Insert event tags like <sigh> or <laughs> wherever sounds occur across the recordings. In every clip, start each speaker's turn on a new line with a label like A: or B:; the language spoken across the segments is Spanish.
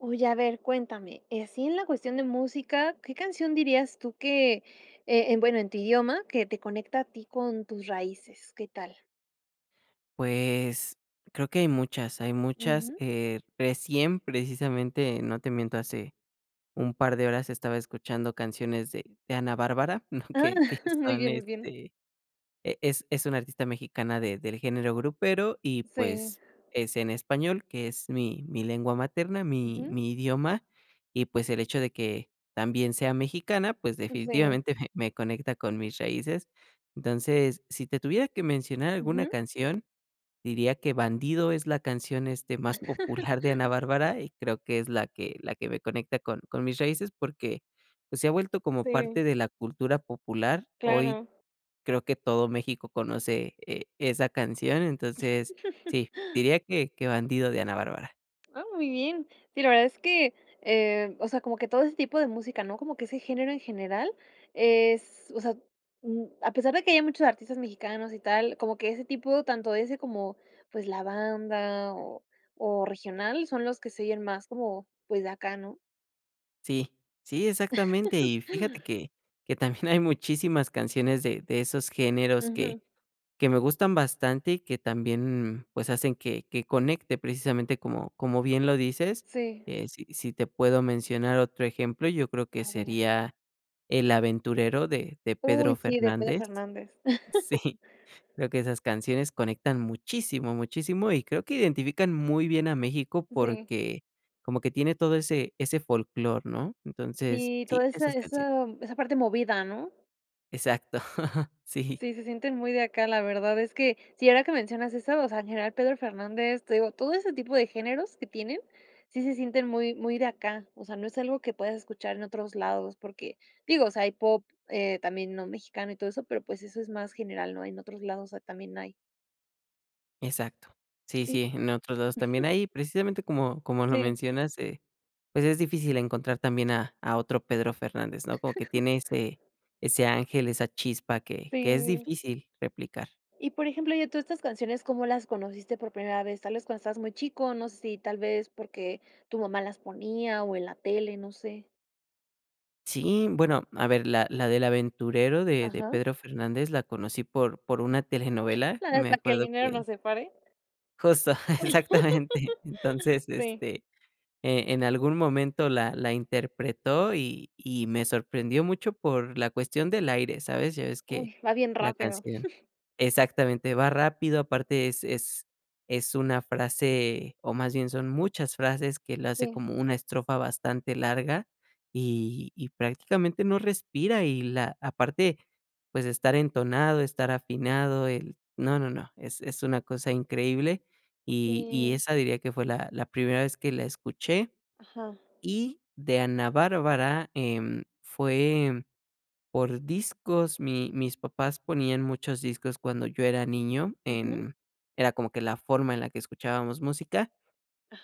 A: Oye, a ver, cuéntame, eh, así en la cuestión de música, ¿qué canción dirías tú que, eh, en bueno, en tu idioma, que te conecta a ti con tus raíces? ¿Qué tal?
B: Pues, creo que hay muchas, hay muchas,
A: Ujú.
B: eh, recién precisamente, no te miento hace un par de horas estaba escuchando canciones de de Ana Bárbara, ¿no?,
A: Ah.
B: que que
A: <chuckles> Muy
B: son,
A: bien, muy bien.
B: este, e es es una artista mexicana de del género grupero. Y
A: Sí.
B: pues, es en español, que es mi mi lengua materna, mi
A: Ujú.
B: mi idioma y pues el hecho de que también sea mexicana pues
A: Sí.
B: definitivamente me me conecta con mis raíces. Entonces, si te tuviera que mencionar alguna
A: Ujú.
B: canción, diría que "Bandido" es la canción, este, más
A: <laughs>
B: popular de Ana Bárbara y creo que es la que la que me conecta con con mis raíces porque pues se ha vuelto como parte
A: Sí.
B: de la cultura popular. Hoy
A: Claro.
B: creo que todo México conoce, e esa canción. Entonces,
A: <chuckles>
B: sí, diría que que "Bandido" de Ana Bárbara.
A: Ah, muy bien. Sí, la verdad es que, eh, o sea, como que todo ese tipo de música, ¿no? Como que ese género en general es o sea, mm, a pesar de que ya hay muchos artistas mexicanos y tal, como que ese tipo, tanto ese como, pues, la banda o o regional, son los que se oyen más como, pues, de acá, ¿no?
B: Sí. Sí, exactamente.
A: <laughs>
B: Y fíjate que que también hay muchísimas canciones de de esos géneros que
A: Ujú.
B: que me gustan bastante y que también, pues, hacen que que conecte precisamente como como bien lo dices,
A: Sí.
B: eh, si si te puedo mencionar otro ejemplo, yo creo que
A: A ver.
B: sería "El Aventurero" de de
A: Uy,
B: Pedro
A: sí, de Pedro
B: Fernández.
A: Fernández. <chuckles>
B: Sí, creo que esas canciones conectan muchísimo, muchísimo. Y creo que identifican muy bien a México
A: Sí.
B: porque como que tiene todo ese ese folclor, ¿no? Entonces
A: Sí,
B: sí,
A: toda esa
B: esas canciones.
A: esa esa parte movida, ¿no?
B: Exacto. <chuckles> Sí.
A: Sí, se sienten muy de acá. La verdad es que, si ahora que mencionas eso, o sea, en general, Pedro Fernández, te digo, todo ese tipo de géneros, que tienen, sí se sienten muy, muy de acá. O sea, no es algo que puedas escuchar en otros lados, porque, digo, o sea, hay pop, eh, también no mexicano, y todo eso, pero pues, eso es más general, ¿no? En otros lados, o sea, también hay.
B: Exacto. Sí,
A: Y
B: sí, en otros lados también
A: <chuckles>
B: ahí, precisamente, como, como lo
A: Sí.
B: mencionas, eh, pues, es difícil encontrar también a a otro Pedro Fernández, ¿no? Como que
A: <laughs>
B: tiene ese, ese ángel, esa chispa, que que es
A: Sí.
B: difícil replicar.
A: Y, por ejemplo, y todas estas canciones, ¿cómo las conociste por primera vez? ¿Tal vez cuando estabas muy chico? No sé, si tal vez, ¿porque, tu mamá las ponía o en la tele? No sé.
B: Sí, bueno, a ver, la la del Aventurero de de
A: Ajá.
B: Pedro Fernández, la conocí por por una telenovela, me
A: Hasta que el
B: acuerdo
A: dinero
B: que
A: nos separe.
B: Justo. <chuckles> Exactamente.
A: <laughs>
B: Entonces,
A: Sí.
B: este, eh, en algún momento la la interpretó, y y me sorprendió mucho por la cuestión del aire, ¿sabes? Ya ves que
A: Uy, va bien
B: la
A: rápido.
B: canción
A: <chuckles>
B: Exactamente. Va rápido, aparte es es es una frase, o más bien son muchas frases, que la hace
A: Sí.
B: como una estrofa bastante larga. Y y prácticamente no respira, y la Aparte pues, estar entonado, estar afinado, el No, no, no, es es una cosa increíble. Y y
A: Sí.
B: esa diría que fue la la primera vez que la escuché.
A: Ajá.
B: Y de Ana Bárbara, em, fue por discos, mi mis papás ponían muchos discos, cuando yo era niño
A: Ujú.
B: en Era como que la forma en la que escuchábamos música.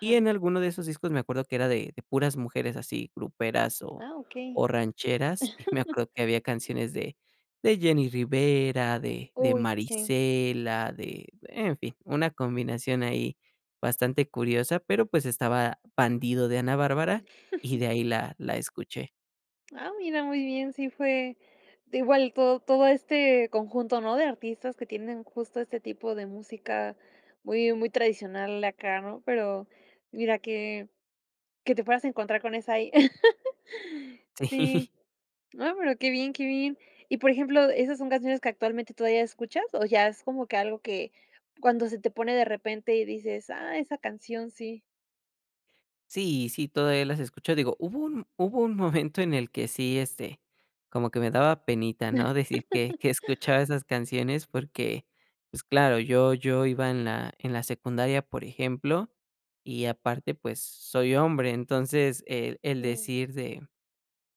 B: Y en alguno de esos discos me acuerdo que era de de puras mujeres así, gruperas, o
A: Ah, okey.
B: o rancheras, y me acuerdo que había canciones de de Jenny Rivera, de de
A: Uy, sí.
B: Marisela, de en fin, una combinación, ahí bastante curiosa, pero, pues estaba Bandido de Ana Bárbara, y
A: <chuckles>
B: de ahí la la escuché.
A: Ah, mira muy bien. Sí fue, de igual to todo este conjunto, ¿no?, de artistas que tienen justo este tipo de música muy muy tradicional acá, ¿no? Pero mira que que te puedas encontrar con esa ahí <laughs> Sí,
B: Sí.
A: No, pero qué bien, qué bien. Y por ejemplo, ¿esas son canciones que actualmente todavía escuchas? O ya es como que, algo que cuando se te pone de repente y dices: "Ah, esa canción sí".
B: Sí, sí, todavía las escucho, digo, hubo un hubo un momento en el que sí, este, como que me daba penita, ¿no?, decir que que
A: <laughs>
B: escuchaba esas canciones porque, pues claro, yo yo iba en la en la secundaria, por ejemplo, y aparte, pues soy hombre. Entonces, el el
A: Jum.
B: decir de: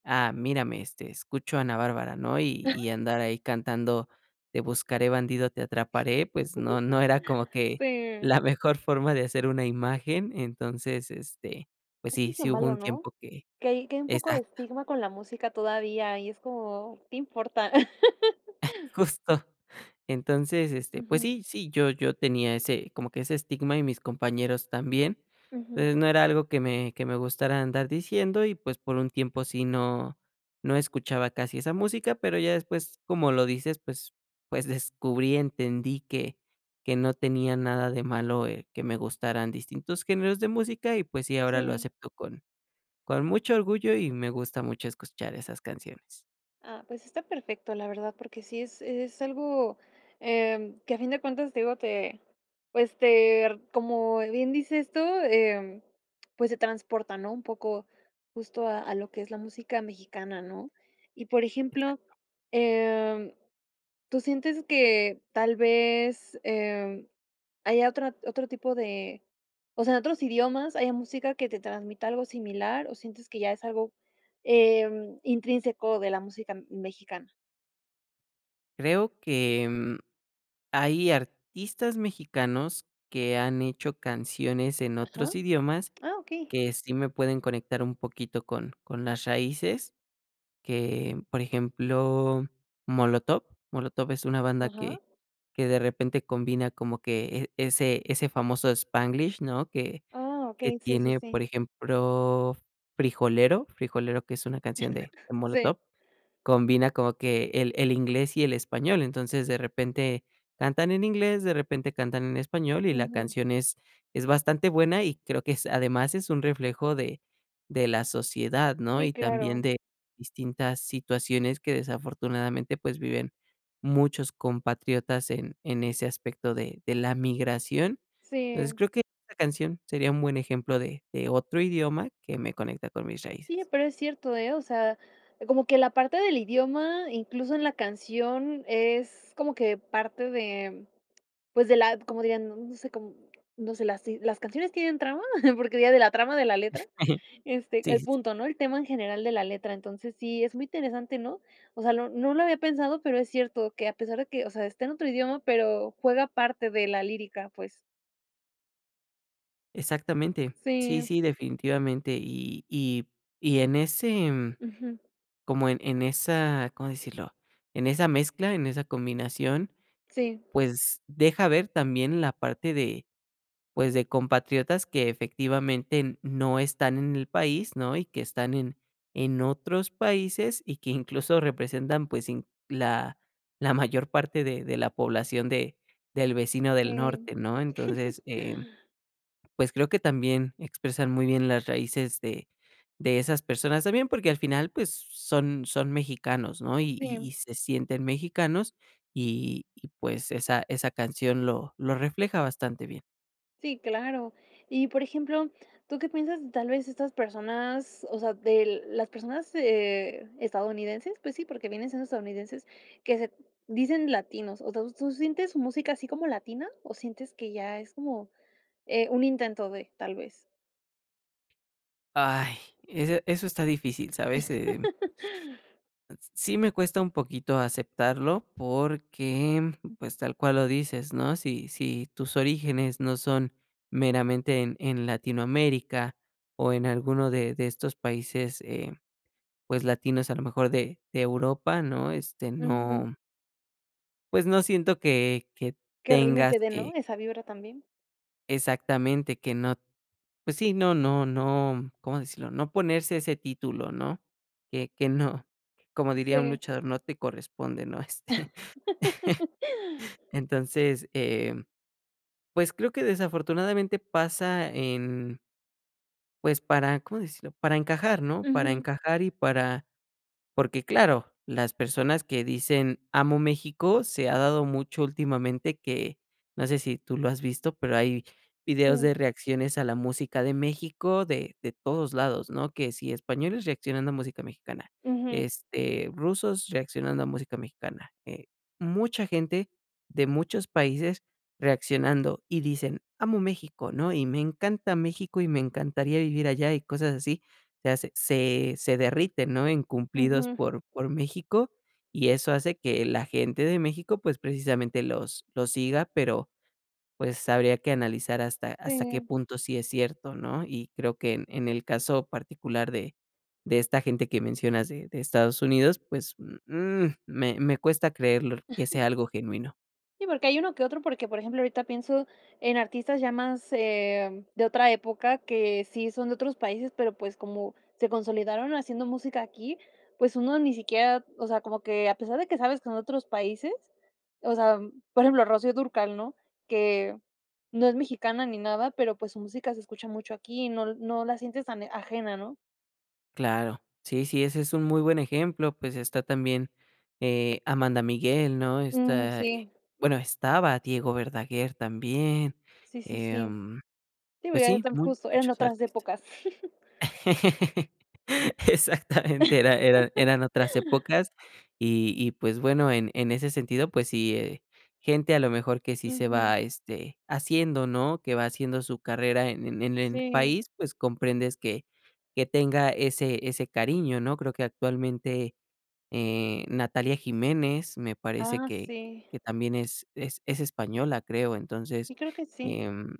B: "Ah, mírame, este, escucho a Ana Bárbara", ¿no? Y y
A: <chuckles>
B: andar ahí cantando: "Te buscaré, bandido, te atraparé", pues, no no era como
A: <laughs>
B: que
A: Sí.
B: la mejor forma de hacer una imagen, entonces, este, pues
A: Eso
B: sí,
A: es lo
B: sí hubo
A: malo,
B: un
A: ¿no?
B: tiempo que
A: Que hay que hay un poco de
B: Exacto.
A: estigma con la música todavía, y es como: "¿Qué importa?". <laughs>
B: Justo. Entonces, este, pues
A: Ujú
B: sí, sí, yo yo tenía ese como que ese estigma, y mis compañeros también,
A: Ujú.
B: eh, no era algo que me que me gustara andar diciendo y, pues, por un tiempo sí no no escuchaba casi esa música, pero ya después, como lo dices, pues pues descubrí y entendí que que no tenía nada de malo, eh, que me gustaran distintos géneros de música y, pues, sí, ahora lo
A: Sí.
B: acepto con con mucho orgullo y me gusta mucho escuchar esas canciones.
A: Ah, pues está perfecto, la verdad, porque sí es es algo, em, que a fin de cuentas, te digo, te pues, ter como bien dices tú, em, pues se transporta, ¿no?, un poco, justo a a lo que es la música mexicana, ¿no? Y por ejemplo,
B: Exacto.
A: em, ¿tú sientes que tal vez, em, haya otra otro tipo de o sea, en otros idiomas, haya música que te transmita algo similar? ¿O sientes que ya es algo, em, intrínseco de la música m mexicana?
B: Creo que, mm, hay artistas mexicanos que han hecho canciones en
A: Ajá.
B: otros idiomas
A: Ah, okey.
B: que sí me pueden conectar un poquito con, con las raíces que por ejemplo, Molotov. Molotov es una banda
A: Ajá.
B: que que de repente combina como que e ese ese famoso spanglish, ¿no?, que
A: Ah,
B: que
A: okey, sí, sí,
B: tiene,
A: sí.
B: por ejemplo, Frijolero, Frijolero que es una canción de de
A: <chuckles> Sí.
B: Molotov, combina como que el el inglés y el español. Entonces, de repente, cantan en inglés, de repente, cantan en español, y la
A: Ujú.
B: canción es es bastante buena. Y creo que es además es un reflejo de de la sociedad, ¿no?
A: Sí,
B: Y también
A: claro.
B: de distintas situaciones que desafortunadamente, pues, viven muchos compatriotas en en ese aspecto de de la migración. Entonces,
A: Sí.
B: creo que esta canción sería un buen ejemplo de de otro idioma que me conecta con mis
A: Sí,
B: raíces.
A: pero es cierto, ¿eh? O sea, como que la parte del idioma, incluso en la canción, es como que parte de, pues, de la como dirían no, no sé com no sé, las sí ¿las canciones tienen trama? <chuckles> Porque diría de la trama de la letra,
B: <chuckles>
A: este,
B: Sí,
A: el
B: sí, sí.
A: punto, ¿no? El tema en general de la letra, entonces sí es muy interesante, ¿no? O sea no no lo había pensado, pero es cierto que a pesar de que, o sea, está en otro idioma, pero juega parte de la lírica pues.
B: Exactamente, sí,
A: Sí.
B: sí definitivamente y y y en ese, mm,
A: Ujú.
B: como en en esa, ¿cómo decirlo? En esa mezcla, en esa combinación, eh,
A: Sí.
B: pues deja ver también la parte de, pues, de compatriotas que efectivamente n no están en el país, ¿no? Y que están en en otros países y que incluso representan, pues inc la la mayor parte de de la población de del vecino del
A: Sí.
B: norte, ¿no? Entonces,
A: <chuckles>
B: em, pues, creo que también expresan muy bien las raíces de de esas personas también, porque al final, pues, s son son mexicanos, ¿no? Y y y
A: Sí.
B: se sienten mexicanos y y pues esa esa canción lo lo refleja bastante bien.
A: Sí, claro. Y, por ejemplo, ¿tú qué piensas de tal vez estas personas, o sea, de las personas, eh, estadounidenses, pues sí, porque vienen siendo estadounidenses que se d dicen latinos, o dou tú sientes su música así como latina o sientes que ya es como, eh, un intento de tal vez?
B: ¡Ay! Ese eso está difícil, ¿sabes? Em
A: <laughs>
B: Sí me cuesta un poquito aceptarlo porque, pues, tal cual lo dices, ¿no?, si si tus orígenes no son meramente en en Latinoamérica o en alguno de de estos países, eh, pues latinos, a lo mejor de de Europa, ¿no?, este,
A: Ujú.
B: no Pues no siento que que
A: Que
B: tengas
A: realmente dé, ¿no?,
B: que
A: esa vibra también.
B: Exactamente, que no Pues sí, no no no, ¿cómo decirlo?, no ponerse ese título, ¿no?, que que no Como diría un
A: Sí.
B: luchador, no te corresponde, ¿no?, este, <chuckles>
A: <laughs>
B: entonces, em, pues creo que desafortunadamente pasa en pues para, ¿cómo decirlo?, para encajar, ¿no?, para
A: Ujú.
B: encajar y para porque claro, las personas que dicen: "Amo México", se ha dado mucho últimamente que No sé si tú lo has visto, pero hay videos de
A: Sí.
B: reacciones a la música de México de de todos lados, ¿no?, que si españoles reaccionando a música mexicana,
A: Ujú.
B: este, rusos reaccionando a música mexicana, eh, mucha gente de muchos países reaccionando y dicen: "Amo México", ¿no?, y, "me encanta México y me encantaría vivir allá", y cosas así, se hace se se derriten, ¿no?, en cumplidos
A: Ujú.
B: por por México y eso hace que la gente de México, pues, precisamente los los siga, pero, pues, habría que analizar hasta hasta qué
A: Sí.
B: punto sí es cierto, ¿no?, y creo que en en el caso particular de de esta gente que mencionas de de Estados Unidos, pues, mm mm, me me cuesta creerlo que
A: <chuckles>
B: sea algo genuino.
A: Sí, porque hay uno que otro, porque, por ejemplo, ahorita pienso en artistas ya más, eh, de otra época que sí son de otros países pero pues como se consolidaron haciendo música aquí pues uno ni siquiera o sea, como que a pesar de que sabes que en otros países o sea, por ejemplo, Rocío Dúrcal, ¿no?, que no es mexicana ni nada, pero, pues, su música se escucha mucho aquí y no l no la sientes tan de ajena, ¿no?
B: Claro. Sí, sí, ese es un muy buen ejemplo, pues, está también, eh, Amanda Miguel, ¿no?
A: Mm.
B: Está eh,
A: Sí.
B: bueno estaba Diego Verdaguer, también.
A: Sí, sí, sí.
B: Em,
A: Digo
B: pues sí,
A: <unintelligible> justo eran
B: muchos
A: otras
B: artistas
A: épocas. <chuckles>
B: <laughs> Exactamente, era eran otras épocas.
A: <laughs>
B: Y y pues, bueno en en ese sentido pues sí, eh, gente a lo mejor que sí se
A: Ujú.
B: va, este, haciendo, ¿no? Que va haciendo su carrera en en en el
A: Sí.
B: país, pues, comprendes que que tenga ese ese cariño, ¿no? Creo que actualmente, eh, Natalia Jiménez, me parece
A: Ah,
B: que
A: sí.
B: que también es es es española, creo.
A: Sí,
B: Entonces,
A: creo que sí.
B: em,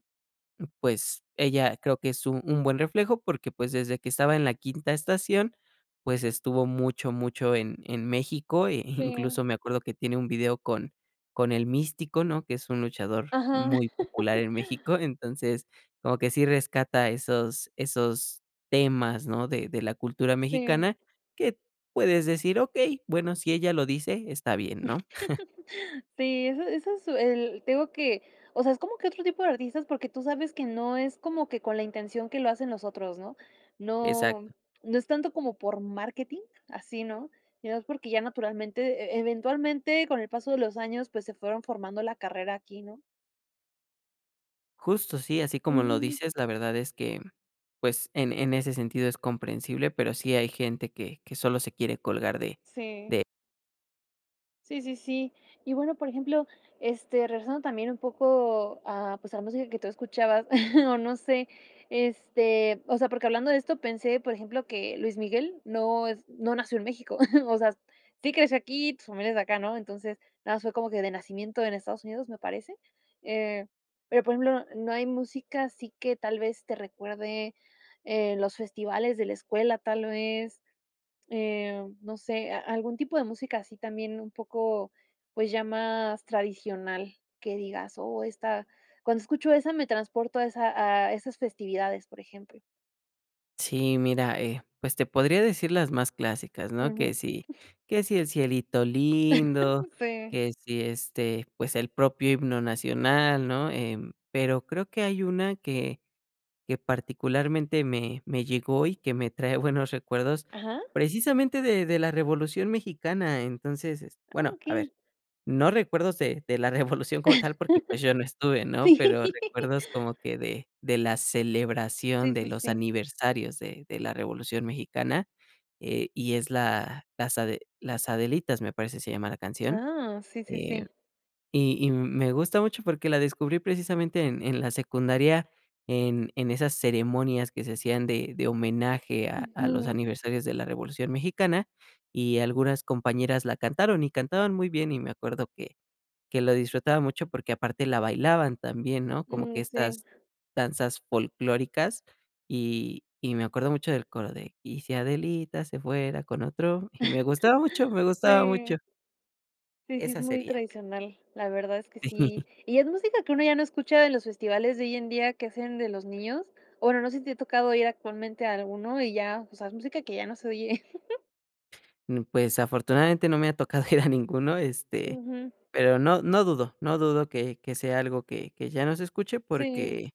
B: pues, ella creo que es un un buen reflejo, porque pues desde que estaba en La Quinta Estación, pues, estuvo mucho, mucho en en México, e
A: Sí.
B: incluso me acuerdo que tiene un video con con El Místico, ¿no? Que es un luchador
A: Ajá.
B: muy popular
A: <laughs>
B: en México, entonces, como que si rescata esos esos temas, ¿no? De de la cultura
A: Sí.
B: mexicana, que t puedes decir: "Okey, bueno, si ella lo dice, está bien", ¿no? <chuckles>
A: <chuckles> Sí, eso eso su el te digo que, o sea, es como que otro tipo de artistas, porque tú sabes que no es como que con la intención que lo hacen los otros, ¿no? No,
B: Exacto.
A: no es tanto como por marketing así, ¿no? Y además, porque ya naturalmente, e eventualmente, con el paso de los años, pues, se fueron formando la carrera aquí, ¿no?
B: Justo sí, así como lo
A: Ujú.
B: dices, la verdad es que, pues, en en ese sentido es comprensible, pero sí hay gente que que solo se quiere colgar de
A: Sí.
B: de
A: Sí, sí, sí. Y bueno, por ejemplo, este, regresando también un poco a, pues, a la música que tú escuchabas, <chuckles> o no sé, este, o sea, porque hablando de esto pensé, por ejemplo, que Luis Miguel no es no nació en México. <chuckles> O sea, sí creció aquí, pues, su familia es de acá, ¿no? Entonces, nada más fue como que de nacimiento en Estados Unidos, me parece. Eh, pero, por ejemplo, no hay música así que tal vez te recuerde, eh, los festivales de la escuela, tal vez, eh, no sé, a algún tipo de música así también un poco, pues, ya más tradicional que digas: "Oh, esta cuando escucho esa me transporto a esa a esas festividades", por ejemplo.
B: Sí, mira, eh, pues, te podría decir las más clásicas, ¿no? Que
A: Ujú.
B: si,
A: <chuckles>
B: que si el Cielito Lindo,
A: <chuckles> Sí.
B: que si, este, pues, el propio himno nacional, ¿no?, em, pero creo que hay una que, que particularmente me me llegó, y que me trae buenos recuerdos,
A: Ajá.
B: precisamente de de la Revolución Mexicana. Entonces es
A: Ah,
B: bueno, a ver,
A: okey.
B: no recuerdos de de la Revolución como tal, porque, pues, yo no
A: <chuckles>
B: estuve, ¿no? Pero
A: Sí.
B: recuerdos como que de de la celebración
A: Sí,
B: de
A: sí,
B: los
A: sí.
B: aniversarios de de la Revolución Mexicana, eh, y es la las ade Las Adelitas me parece se llama la canción.
A: Ah, sí, sí,
B: Eh,
A: sí.
B: y y me gusta mucho, porque la descubrí precisamente en en la secundaria en en esas ceremonias que se hacían de de homenaje a a los
A: Ujú.
B: aniversarios de la Revolución Mexicana, y algunas compañeras la cantaron y cantaban muy bien. Y me acuerdo que que lo disfrutaba mucho, porque aparte la bailaban también, ¿no?, como que
A: Mm sí.
B: estas danzas folclóricas. Y y me acuerdo mucho del coro de: "Y si Adelita se fuera con otro", y me gustaba mucho, me
A: <chuckles>
B: gustaba mucho.
A: Sí. Sí, sí, es
B: Esa
A: muy
B: sería.
A: tradicional. La verdad es que sí.
B: <chuckles>
A: Y es música que uno ya no escucha de los festivales de hoy en día que hacen de los niños. O bueno, no sé si te ha tocado ir actualmente a alguno, y ya, o sea, es música que ya no se oye. <chuckles>
B: Mm, pues, afortunadamente no me ha tocado ir a ninguno, este,
A: Ujú.
B: pero no no dudo no dudo que que sea algo que que ya no se escuche
A: Sí.
B: porque,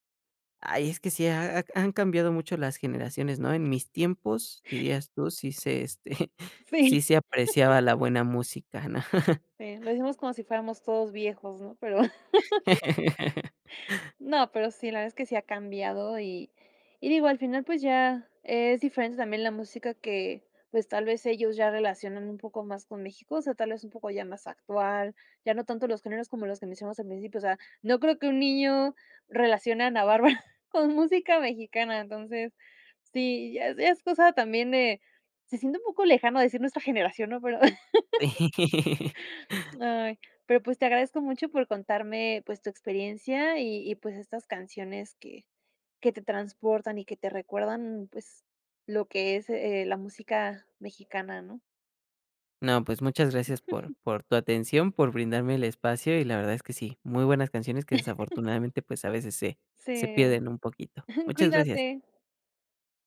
B: ¡ay!, es que sí ha ha han cambiado mucho las generaciones, ¿no? "En mis tiempos", dirías tú, sí se, este,
A: Sí.
B: sí se
A: <chuckles>
B: apreciaba la buena música, ¿no? <chuckles>
A: Eh, lo dijimos como si fuéramos todos viejos, ¿no?, pero <chuckles>
B: <laughs>
A: no, pero sí, la verdad es que sí ha cambiado. Y y digo, al final, pues, ya, es diferente también la música que, pues, tal vez ellos ya relacionan un poco más con México, o sea, tal vez un poco ya más actual, ya no tanto los géneros como los que mencionas al principio. O sea, no creo que un niño relacione a Ana Bárbara con música mexicana, entonces, sí ya ya es cosa también de se siente un poco lejano decir nuestra generación, ¿no?, pero <laughs>
B: <laughs>
A: ay, pero, pues, te agradezco mucho por contarme, pues, tu experiencia, y y, pues, estas canciones que que te transportan y que te recuerdan, pues, lo que es, eh, la música mexicana, ¿no?
B: No, pues, muchas gracias por
A: <chuckles>
B: por tu atención, por brindarme el espacio. Y la verdad es que sí, muy buenas canciones que
A: <chuckles>
B: desafortunadamente, pues, a veces se se
A: Sí,
B: pierden un poquito,
A: <chuckles>
B: muchas gracias.
A: cuídate.